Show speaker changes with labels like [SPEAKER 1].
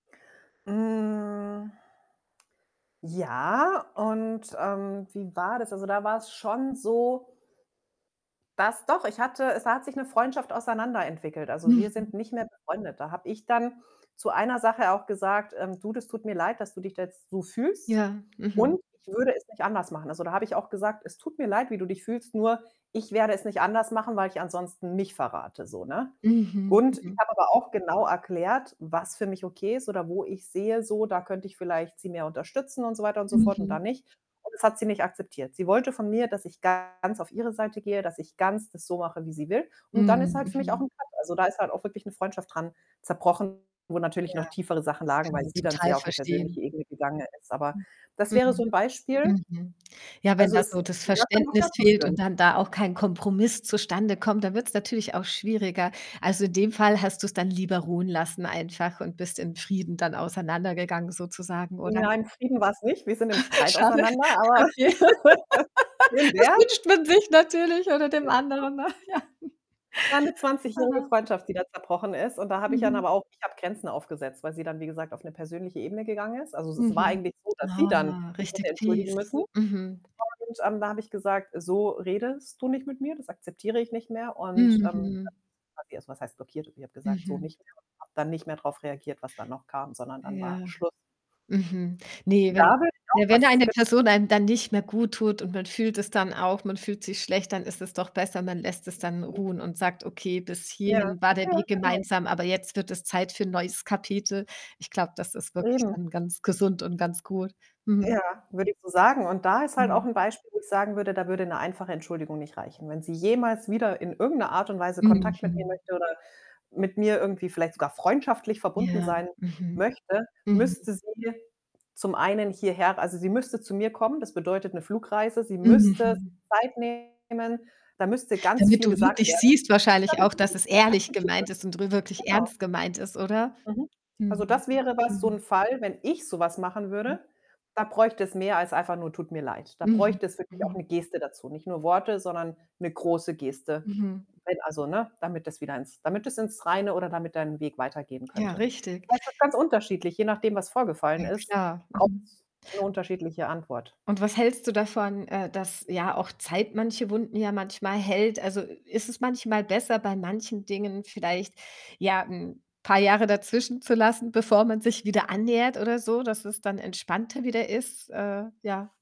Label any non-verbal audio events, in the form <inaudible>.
[SPEAKER 1] Hm ja, und, ähm, wie war das? Also, da war‘s schon so dass doch, ich hatte es hat sich 'ne Freundschaft auseinander entwickelt. Also, wir
[SPEAKER 2] Mhm.
[SPEAKER 1] sind nicht mehr befreundet. Da habe ich dann zu einer Sache auch gesagt, ähm: „Du, das tut mir leid, dass du dich da jetzt so fühlst
[SPEAKER 2] Ja, mhm.
[SPEAKER 1] und ich würde es nicht anders machen.“ Also, da habe ich auch gesagt: „Es tut mir leid, wie du dich fühlst, nur ich werde es nicht anders machen, weil ich ansonsten mich verrate“, so, ne?
[SPEAKER 2] Mhm,
[SPEAKER 1] Und ich
[SPEAKER 2] mhm.
[SPEAKER 1] habe aber auch genau erklärt, was für mich okay ist oder wo ich sehe so, da könnte ich vielleicht sie mehr unterstützen und so weiter und so fort und da
[SPEAKER 2] Mhm.
[SPEAKER 1] nicht und das hat sie nicht akzeptiert. Sie wollte von mir, dass ich ganz auf ihre Seite gehe, dass ich ganz das so mache, wie sie will und dann ist
[SPEAKER 2] Mhm,
[SPEAKER 1] halt für mich auch
[SPEAKER 2] mhm.
[SPEAKER 1] 'n Cut, also, da ist halt auch wirklich 'ne Freundschaft dran zerbrochen, wo natürlich noch
[SPEAKER 2] Ja,
[SPEAKER 1] tiefere Sachen lagen,
[SPEAKER 2] kann
[SPEAKER 1] weil
[SPEAKER 2] man
[SPEAKER 1] sie dann
[SPEAKER 2] total
[SPEAKER 1] sehr auf 'ne
[SPEAKER 2] verstehen.
[SPEAKER 1] persönliche Ebene gegangen ist. Aber
[SPEAKER 2] Hm.
[SPEAKER 1] das wäre so
[SPEAKER 2] Mhm,
[SPEAKER 1] 'n Beispiel.
[SPEAKER 2] mhm. Ja, wenn
[SPEAKER 1] Also
[SPEAKER 2] da so
[SPEAKER 1] es
[SPEAKER 2] das Verständnis
[SPEAKER 1] <unintelligible>
[SPEAKER 2] fehlt
[SPEAKER 1] führen.
[SPEAKER 2] und dann da auch kein Kompromiss zustande kommt, da wird‘s natürlich auch schwieriger. Also, in dem Fall hast du‘s dann lieber ruhen lassen einfach und bist in Frieden dann auseinandergegangen sozusagen, oder?
[SPEAKER 1] Nein, Frieden war‘s nicht. Wir sind im
[SPEAKER 2] <chuckles>
[SPEAKER 1] Streit
[SPEAKER 2] Schade.
[SPEAKER 1] auseinander, aber
[SPEAKER 2] Okay.
[SPEAKER 1] <laughs> schön
[SPEAKER 2] <laughs> Das
[SPEAKER 1] wär‘s.
[SPEAKER 2] wünscht man sich natürlich oder dem
[SPEAKER 1] <unintelligible>
[SPEAKER 2] anderen noch, ja.
[SPEAKER 1] war 'ne zwanzigjährige
[SPEAKER 2] Aha.
[SPEAKER 1] Freundschaft, die da zerbrochen ist und da habe ich dann
[SPEAKER 2] Mhm.
[SPEAKER 1] aber auch ich habe Grenzen aufgesetzt, weil sie dann wie gesagt auf 'ne persönliche Ebene gegangen ist. Also es es war
[SPEAKER 2] Mhm.
[SPEAKER 1] eigentlich so, dass sie
[SPEAKER 2] Oh,
[SPEAKER 1] dann
[SPEAKER 2] war
[SPEAKER 1] sich hätte
[SPEAKER 2] richtig
[SPEAKER 1] entschuldigen
[SPEAKER 2] tief,
[SPEAKER 1] müssen
[SPEAKER 2] mhm.
[SPEAKER 1] und, ähm, da habe ich gesagt: „So redest du nicht mit mir, das akzeptiere ich nicht mehr.“ Und, ähm,
[SPEAKER 2] Mhm.
[SPEAKER 1] <unintelligible> was heißt blockiert? Ich habe gesagt: „So
[SPEAKER 2] Mhm.
[SPEAKER 1] nicht mehr“ und habe dann nicht mehr drauf reagiert, was dann noch kam, sondern dann war
[SPEAKER 2] Ja.
[SPEAKER 1] Schluss.
[SPEAKER 2] Mhm. Ne,
[SPEAKER 1] Und
[SPEAKER 2] wenn
[SPEAKER 1] da würde ich auch
[SPEAKER 2] ne, wenn
[SPEAKER 1] was
[SPEAKER 2] eine
[SPEAKER 1] genau.
[SPEAKER 2] Person einem dann nicht mehr guttut und man fühlt es dann
[SPEAKER 1] <unintelligible>
[SPEAKER 2] auch, man fühlt sich schlecht, dann ist es doch besser, man lässt es dann
[SPEAKER 1] <unintelligible>
[SPEAKER 2] ruhen und sagt: „Okay, bis
[SPEAKER 1] Ja.
[SPEAKER 2] hierhin war der
[SPEAKER 1] Ja,
[SPEAKER 2] Weg
[SPEAKER 1] genau.
[SPEAKER 2] gemeinsam, aber jetzt wird es Zeit für ‘n neues Kapitel.“ Ich glaube, das ist wirklich
[SPEAKER 1] Eben.
[SPEAKER 2] dann ganz gesund und ganz gut, mhm.
[SPEAKER 1] Ja, würde ich so sagen, und da ist halt auch
[SPEAKER 2] Mhm.
[SPEAKER 1] 'n Beispiel, wo ich sagen würde, da würde ‘ne einfache Entschuldigung nicht reichen. Wenn sie jemals wieder in irgend 'ne Art und Weise Kontakt mit mir
[SPEAKER 2] Mhm.
[SPEAKER 1] möchte oder mit mir irgendwie vielleicht sogar freundschaftlich verbunden
[SPEAKER 2] Ja,
[SPEAKER 1] sein
[SPEAKER 2] mhm.
[SPEAKER 1] möchte,
[SPEAKER 2] Mhm.
[SPEAKER 1] müsste sie zum einen hierher also, sie müsste zu mir kommen. Das bedeutet 'ne Flugreise, sie müsste
[SPEAKER 2] Mhm.
[SPEAKER 1] sich Zeit nehmen, da müsste ganz
[SPEAKER 2] Damit
[SPEAKER 1] viel
[SPEAKER 2] du
[SPEAKER 1] gesagt
[SPEAKER 2] wirklich
[SPEAKER 1] werden,
[SPEAKER 2] siehst wahrscheinlich
[SPEAKER 1] damit
[SPEAKER 2] auch,
[SPEAKER 1] ich
[SPEAKER 2] dass
[SPEAKER 1] es
[SPEAKER 2] es ehrlich
[SPEAKER 1] akzeptiere.
[SPEAKER 2] gemeint ist und rü wirklich
[SPEAKER 1] Genau.
[SPEAKER 2] ernst gemeint ist, oder?
[SPEAKER 1] Mhm. Also,
[SPEAKER 2] Mhm,
[SPEAKER 1] das wäre was so
[SPEAKER 2] mhm.
[SPEAKER 1] 'n Fall, wenn ich so was machen
[SPEAKER 2] Hm.
[SPEAKER 1] würde, da bräuchte es mehr als einfach nur: „Tut mir leid.“ Da
[SPEAKER 2] Mhm,
[SPEAKER 1] bräuchte es wirklich auch
[SPEAKER 2] mhm.
[SPEAKER 1] 'ne Geste dazu. Nicht nur Worte, sondern 'ne große Geste,
[SPEAKER 2] Mhm.
[SPEAKER 1] wenn also, ne? Damit das wieder ins damit das ins Reine oder damit dein Weg weitergehen
[SPEAKER 2] Ja,
[SPEAKER 1] könnte. Das
[SPEAKER 2] richtig.
[SPEAKER 1] heißt, das ist ganz unterschiedlich, je nachdem, was vorgefallen
[SPEAKER 2] Ja
[SPEAKER 1] ist,
[SPEAKER 2] klar. Mhm.
[SPEAKER 1] braucht‘s 'ne unterschiedliche Antwort.
[SPEAKER 2] Und was hältst du davon, äh, dass ja auch Zeit manche Wunden ja manchmal heilt? Also, ist es manchmal besser, bei manchen Dingen vielleicht, ja, 'n paar Jahre dazwischen zu lassen, bevor man sich wieder annähert oder so, dass es dann entspannter wieder ist? Äh, ja.